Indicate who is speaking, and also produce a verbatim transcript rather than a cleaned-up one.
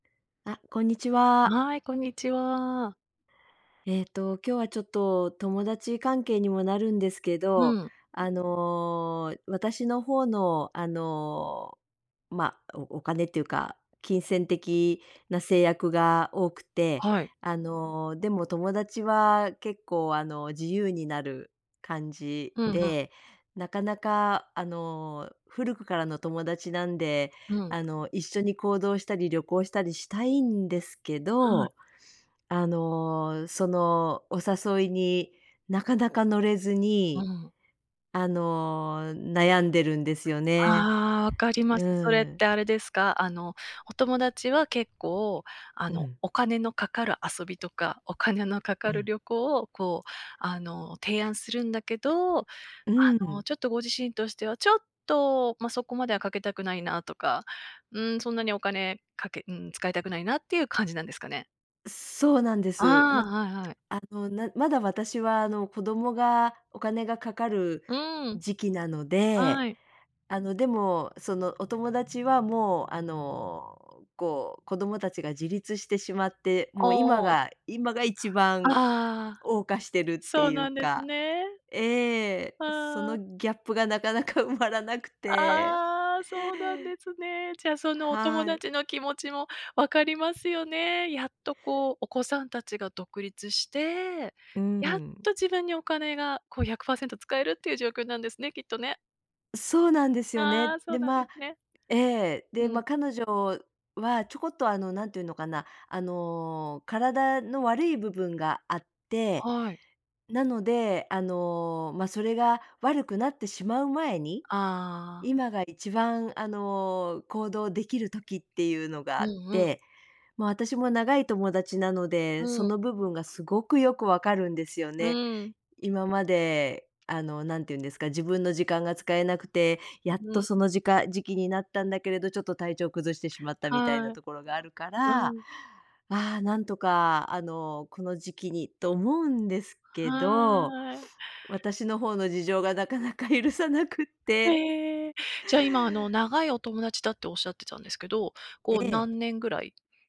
Speaker 1: あ、こんにちは。
Speaker 2: はい、こんにちは。
Speaker 1: えっと、今日はちょっと友達関係にもなるんですけ
Speaker 2: う
Speaker 1: ど、
Speaker 2: ん。
Speaker 1: あの、私の方のあの、お、ま、おお金っていうか、金銭的な制約が多くて、
Speaker 2: はい。
Speaker 1: あの、でも友達は結構、あの、自由になる感じ
Speaker 2: うん、ふん。
Speaker 1: で、なかなか、あの、古くからの友達なんで、
Speaker 2: うん。
Speaker 1: あの、一緒に行動したり旅行したりしたいんですけ
Speaker 2: はい。
Speaker 1: ど、あの、そのお誘いになかなか乗れず
Speaker 2: う
Speaker 1: に、
Speaker 2: ん。
Speaker 1: あの、悩んでるんですよね。
Speaker 2: ああ、わかりま
Speaker 1: う
Speaker 2: す。それっ
Speaker 1: ん。
Speaker 2: てあれですか？あの、お友達は結構、あ
Speaker 1: う
Speaker 2: の、
Speaker 1: ん。
Speaker 2: お金のかかる遊びとか、お金のか
Speaker 1: う
Speaker 2: かる
Speaker 1: ん。
Speaker 2: 旅行をこう、あの、提案するんだけど、あ
Speaker 1: う
Speaker 2: の、
Speaker 1: ん。
Speaker 2: ちょっとご自身としてはちょっとま、そこまではかけたくないなとか、うん、そんなにお金かけうん、使いたくないなっていう感じなんですかね？
Speaker 1: そうなんで
Speaker 2: あ
Speaker 1: す。ま、
Speaker 2: あ、はいはい。
Speaker 1: あの、なまだ私は、あの、子供がお金がかかる
Speaker 2: うん。
Speaker 1: 時期なので、
Speaker 2: はい。
Speaker 1: あの、でも、そのお友達はもう、あの、こう子供たちが自立してしまって、
Speaker 2: あ
Speaker 1: もう今
Speaker 2: あ、ん。
Speaker 1: が、今が一番
Speaker 2: ああ、
Speaker 1: 謳歌してるっ
Speaker 2: そ
Speaker 1: て
Speaker 2: う
Speaker 1: ゆう
Speaker 2: なんです
Speaker 1: か、
Speaker 2: ね。
Speaker 1: ええ、そ
Speaker 2: あ
Speaker 1: の
Speaker 2: あ。
Speaker 1: ギャップがなかなか埋まらなくて
Speaker 2: ああ、そうなんですね。じゃあそのお友
Speaker 1: はい。
Speaker 2: 達の気持ちも分かりますよね。やっとこうお子さんたちが独立して、
Speaker 1: う
Speaker 2: やっ
Speaker 1: ん。
Speaker 2: と自分にお金がこう、ひゃくパーセント使えるっていう状況なんですね、きっとね。
Speaker 1: そうなんですよ
Speaker 2: ああ、
Speaker 1: ね。
Speaker 2: そ
Speaker 1: で、
Speaker 2: うなんで
Speaker 1: ま
Speaker 2: すね。
Speaker 1: ええ、で、
Speaker 2: う
Speaker 1: ま、
Speaker 2: ん。
Speaker 1: 彼女はちょこっと、あの、なんてゆうのかな、あの、体の悪い部分があって、
Speaker 2: はい。
Speaker 1: なので、あの、ま、それが悪くなってしまう前に、
Speaker 2: ああ。
Speaker 1: 今が一番、あの、行動できる時ってゆうのが
Speaker 2: う
Speaker 1: あっ
Speaker 2: んうん。
Speaker 1: て、ま、私も長い友達なので、
Speaker 2: う
Speaker 1: そ
Speaker 2: ん。
Speaker 1: の部分がすごくよくわかるんですよ
Speaker 2: う
Speaker 1: ね。
Speaker 2: ん。
Speaker 1: 今まで、あの、なんてゆうんですか、自分の時間が使えなくて、やっ
Speaker 2: う
Speaker 1: と
Speaker 2: ん。
Speaker 1: そのじか時期になったんだけれど、ちょっと体調崩してしまったみたいな
Speaker 2: はい。
Speaker 1: ところがあるか
Speaker 2: う
Speaker 1: ら、あ
Speaker 2: ん。
Speaker 1: あ、なんとか、あの、この時期にと思うんですけど、
Speaker 2: はい。
Speaker 1: 私の方の事情がなかなか許さなくって。
Speaker 2: ええ。じゃ、今、あの、長いお友達だっておっしゃってたんですけど、こう
Speaker 1: ええ。
Speaker 2: 何年ぐらい